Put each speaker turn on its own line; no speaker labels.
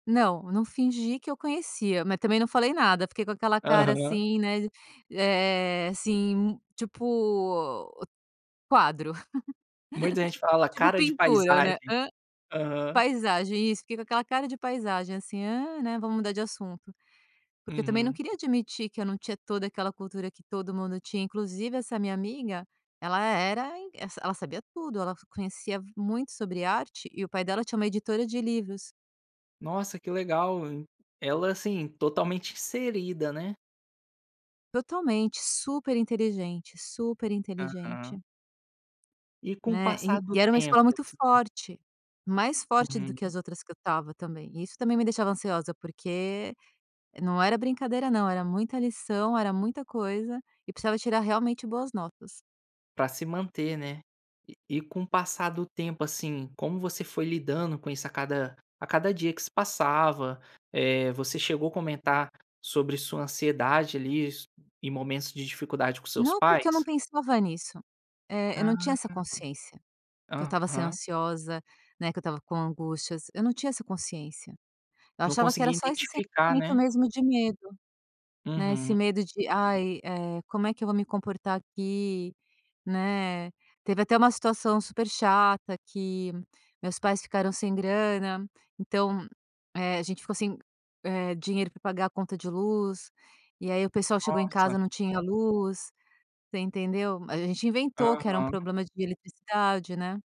Não, não fingi que eu conhecia, mas também não falei nada, fiquei com aquela cara,
Aham.
assim, né, eh eh, assim, tipo, quadro,
Muita gente fala:
tipo
"Cara de
pintura, né.
paisagem".
Hã?
Aham.
Paisagem, isso fiquei com aquela cara de paisagem, assim: "Hã, né, vamos mudar de assunto". Porque eu também não
Uhum.
queria admitir que eu não tinha toda aquela cultura que todo mundo tinha. Inclusive, essa minha amiga, ela era in ela sa ela sabia tudo, ela f conhecia muito sobre arte e o pai dela tinha uma editora de livros.
Nossa, que legal! Ela assim, totalmente inserida, né?
Totalmente! Super inteligente, super
Aham.
inteligente!
E com o
Né, e
passar do
e era uma
tempo,
escola muito
assim?
forte, mais forte do
Uhum.
que as outras que eu estava também. Isso também me deixava ansiosa, porque não era brincadeira, não, era muita lição, era muita coisa e precisava tirar realmente boas notas.
Pra se manter, né. E e com o passar do tempo, assim, como você foi lidando com isso, a cada a cada dia que se passava? Eh, você chegou comentar sobre sua ansiedade, ali, isso em momentos de dificuldade com seus
Não, porque eu não
pais?
pensava nisso, eh, eu
Hã.
não tinha essa consciência que eu estava sendo
Aham.
ansiosa, né, que eu estava com angústias. Eu não tinha essa consciência, eu
Não
achava que era
conseguia
só esse
identificar,
sentimento
né.
mesmo de medo, né, esse
Uhum.
medo de: "Ai, eh, como é que eu vou me comportar aqui?", né. Teve até uma situação super chata que meus pais ficaram sem grana, então, eh, a gente ficou sem, eh, dinheiro pra pagar a conta de luz, e aí o pessoal chegou em
Nossa.
casa, não tinha luz, você entendeu? Mas a gente inventou que era um
Aham.
problema de eletricidade, né.